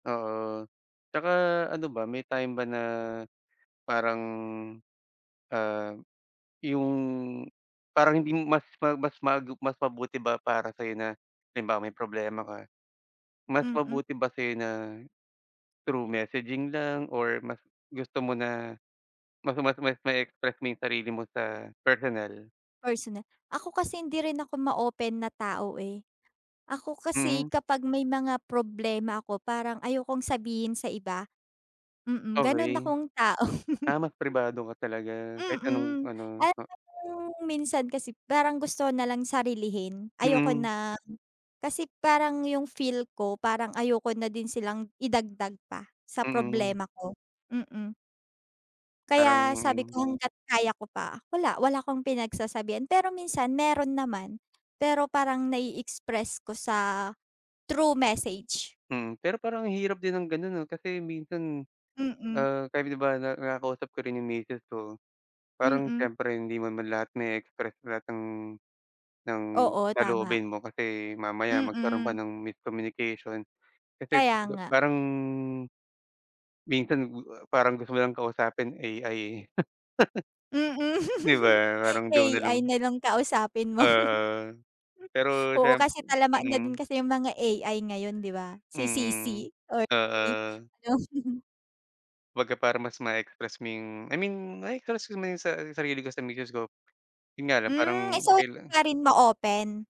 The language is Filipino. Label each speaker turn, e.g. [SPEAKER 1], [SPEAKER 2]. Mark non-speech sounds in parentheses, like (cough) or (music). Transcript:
[SPEAKER 1] Oo, tsaka ano ba, may time ba na parang, ah, yung parang hindi mas ma-mas magup mas mabuti ba para sa iyo na halimbawa, may problema ka, mas
[SPEAKER 2] Mm.
[SPEAKER 1] mabuti ba sa' yo na through messaging lang or mas gusto mo na maka mas mas ma-e-express mo yung sarili mo sa personal?
[SPEAKER 2] Personal, ako kasi hindi rin ako ma-open na tao, eh. Ako kasi
[SPEAKER 1] Mm.
[SPEAKER 2] kapag may mga problema ako, parang ayokong sabihin sa iba. Mm, ganun
[SPEAKER 1] Okay.
[SPEAKER 2] akong tao.
[SPEAKER 1] Ah, mas pribado ka talaga kahit
[SPEAKER 2] Mm,
[SPEAKER 1] anong-ano. Oh
[SPEAKER 2] alam mong minsan kasi parang gusto na lang sarilihin. Ayoko
[SPEAKER 1] Mm.
[SPEAKER 2] ng kasi parang yung feel ko, parang ayoko na din silang idagdag pa sa
[SPEAKER 1] Mm.
[SPEAKER 2] problema ko, mm. Kaya sabi
[SPEAKER 1] Parang
[SPEAKER 2] ko, hangga't kaya ko pa, wala wala akong pinagsasabihan. Pero minsan meron naman, pero parang na-i-express ko sa through message.
[SPEAKER 1] Hmm, pero parang ang hirap din ng ganun, 'no? Kasi minsan,
[SPEAKER 2] Mm.
[SPEAKER 1] ah, kahit, di ba, na nakakausap ko rin yung misis ko. Parang
[SPEAKER 2] Mm.
[SPEAKER 1] siyempre hindi man man lahat na-e-express lahat ng ng
[SPEAKER 2] Oo, tama.
[SPEAKER 1] saloobin mo kasi mamaya magkaroon pa
[SPEAKER 2] Mm.
[SPEAKER 1] ng miscommunication. Kasi
[SPEAKER 2] Kaya
[SPEAKER 1] kumbaga
[SPEAKER 2] nga.
[SPEAKER 1] parang minsan o a parang gusto mo lang kausapin AI, eh, (chuckles)
[SPEAKER 2] Mm.
[SPEAKER 1] Di ba, parang doon na lang
[SPEAKER 2] AI na lang kausapin mo.
[SPEAKER 1] Oo,
[SPEAKER 2] Hmm,
[SPEAKER 1] pero
[SPEAKER 2] oo,
[SPEAKER 1] siyemp
[SPEAKER 2] kasi talamak na din
[SPEAKER 1] mm.
[SPEAKER 2] kasi yung mga AI ngayon di ba? Si
[SPEAKER 1] Mm,
[SPEAKER 2] CicI or i
[SPEAKER 1] oo.
[SPEAKER 2] yung
[SPEAKER 1] Kumbaga para mas ma-e-express mo yung I mean na-e-express ko man 'yong sa 'yong sarili ko sa misis ko. Yun nga lang parang
[SPEAKER 2] Hmm, so hin
[SPEAKER 1] kaila
[SPEAKER 2] ka rin ma-open.